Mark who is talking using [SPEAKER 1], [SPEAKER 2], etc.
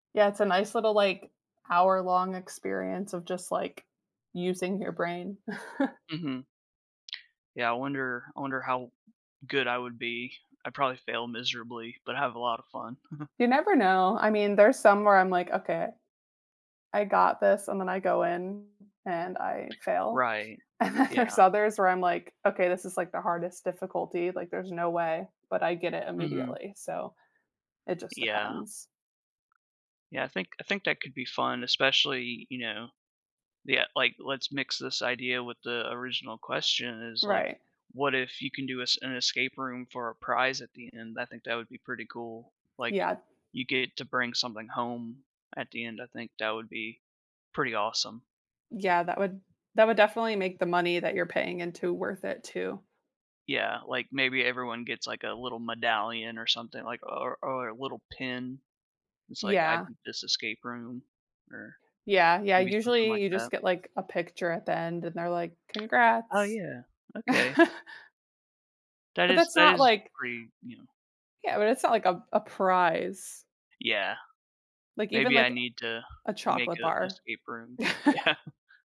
[SPEAKER 1] Yeah, it's a nice little, like, hour-long experience of just, like, using your brain.
[SPEAKER 2] Mhm. Yeah, I wonder I wonder how good I would be, I'd probably fail miserably, but have a lot of fun.
[SPEAKER 1] You never know, I mean, there's some where I'm, like, "Okay. I got this," and then I go in, and I fail,
[SPEAKER 2] Right,
[SPEAKER 1] and then
[SPEAKER 2] yeah.
[SPEAKER 1] there's others where I'm like, "Okay, this is," like, "the hardest difficulty," like, "there's no way," but I get it
[SPEAKER 2] Mhm.
[SPEAKER 1] immediately, so it just
[SPEAKER 2] Yeah.
[SPEAKER 1] depends.
[SPEAKER 2] Yeah, I think I think that could be fun, especially, you know yeah, like, let's mix this idea with the original question, is, like,
[SPEAKER 1] Right.
[SPEAKER 2] what if you can do us an escape room for a prize at the end? I think that would be pretty cool, like,
[SPEAKER 1] Yeah.
[SPEAKER 2] you get to bring something home at the end, I think that would be pretty awesome.
[SPEAKER 1] Yeah, that would that would definitely make the money that you're paying into worth it, too.
[SPEAKER 2] Yeah, like, maybe everyone gets, like, a little medallion or something, like, o or or a little pin? That's like, "I
[SPEAKER 1] Yeah.
[SPEAKER 2] beat this escape room." Or,
[SPEAKER 1] Yeah, yeah,
[SPEAKER 2] maybe something
[SPEAKER 1] usually,
[SPEAKER 2] like
[SPEAKER 1] you just
[SPEAKER 2] that?
[SPEAKER 1] get, like, a picture at the end and they're like,
[SPEAKER 2] Uh,
[SPEAKER 1] "Congrats."
[SPEAKER 2] yeah, okay. That
[SPEAKER 1] But,
[SPEAKER 2] is
[SPEAKER 1] that's
[SPEAKER 2] that
[SPEAKER 1] not
[SPEAKER 2] is
[SPEAKER 1] like
[SPEAKER 2] pretty, you know
[SPEAKER 1] yeah, but it's not like a a prize.
[SPEAKER 2] Yeah.
[SPEAKER 1] Like, even,
[SPEAKER 2] Maybe I
[SPEAKER 1] like,
[SPEAKER 2] need to
[SPEAKER 1] a
[SPEAKER 2] make
[SPEAKER 1] chocolate
[SPEAKER 2] a
[SPEAKER 1] bar.
[SPEAKER 2] escape room, yeah.